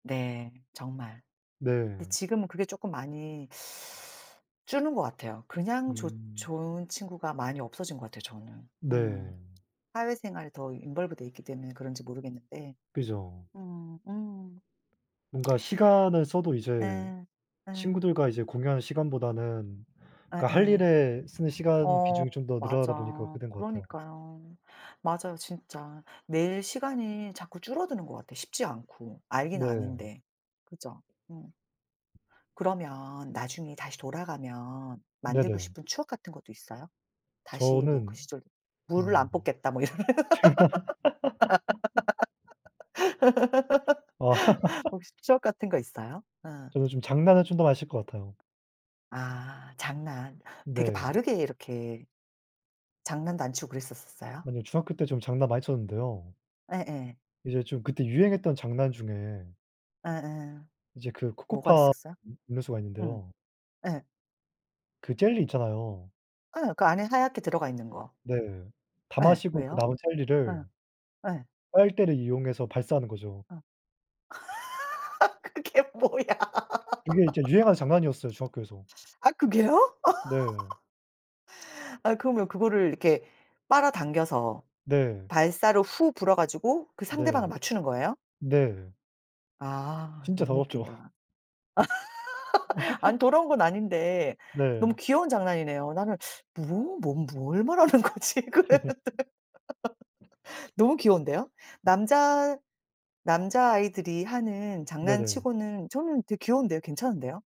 네. 정말. 근데 네. 지금은 그게 쪼끔 많이 주는 것 같아요. 그냥 좋 음. 좋은 친구가 많이 없어진 것 같아요 저는. 음. 네. 사회생활에 더 involve 돼 있기 때문에 그런지 모르겠는데. 그죠. 음 음. 뭔가 시간을 써도 이제 네 예. 친구들과 이제 공유하는 시간보다는 그 할 예예. 일에 쓰는 시간 비중이 어 좀 더 늘어나다 보니까 맞아. 그렇게 된 것 같아요. 그러니까요. 맞아요, 진짜. 매일 시간이 자꾸 줄어드는 것 같아. 쉽지 않고. 알긴 네. 아는데. 그죠. 음. 그러면 나중에 다시 돌아가면 만들고 네네. 싶은 추억 같은 것도 있어요? 다시 뭐 그 저는 시절 무를 음 안 뽑겠다 뭐 이런. 아. 혹시 추억 같은 거 있어요? 어. 저도 좀 장난을 좀 더 많이 칠 것 같아요. 아 장난. 되게 네. 바르게 이렇게 장난도 안 치고 그랬었었어요? 아니요. 중학교 때 좀 장난 많이 쳤는데요. 예예. 이제 좀 그때 유행했던 장난 중에 예예. 이제 그 뭐가 코코팜 있었어요? 음 음료수가 음. 있는데요. 예. 그 젤리 있잖아요. 예. 그 안에 하얗게 들어가 있는 거. 네. 다 예. 마시고 그 왜요? 남은 젤리를 예. 예. 빨대를 이용해서 발사하는 거죠. 어. 그게 뭐야. 그게 이제 유행하는 장난이었어요, 중학교에서. 아 그게요? 네. 아 그러면 그거를 이렇게 빨아 당겨서 네. 발사로 후 불어 가지고 그 상대방을 네. 맞추는 거예요? 네. 아 진짜 너무 더럽죠. 웃긴다. 아니 더러운 건 아닌데 네. 너무 귀여운 장난이네요. 나는 뭐 뭔 뭘 말하는 거지 그랬는데. 너무 귀여운데요? 남자 남자아이들이 하는 네네. 장난치고는 저는 되게 귀여운데요. 괜찮은데요?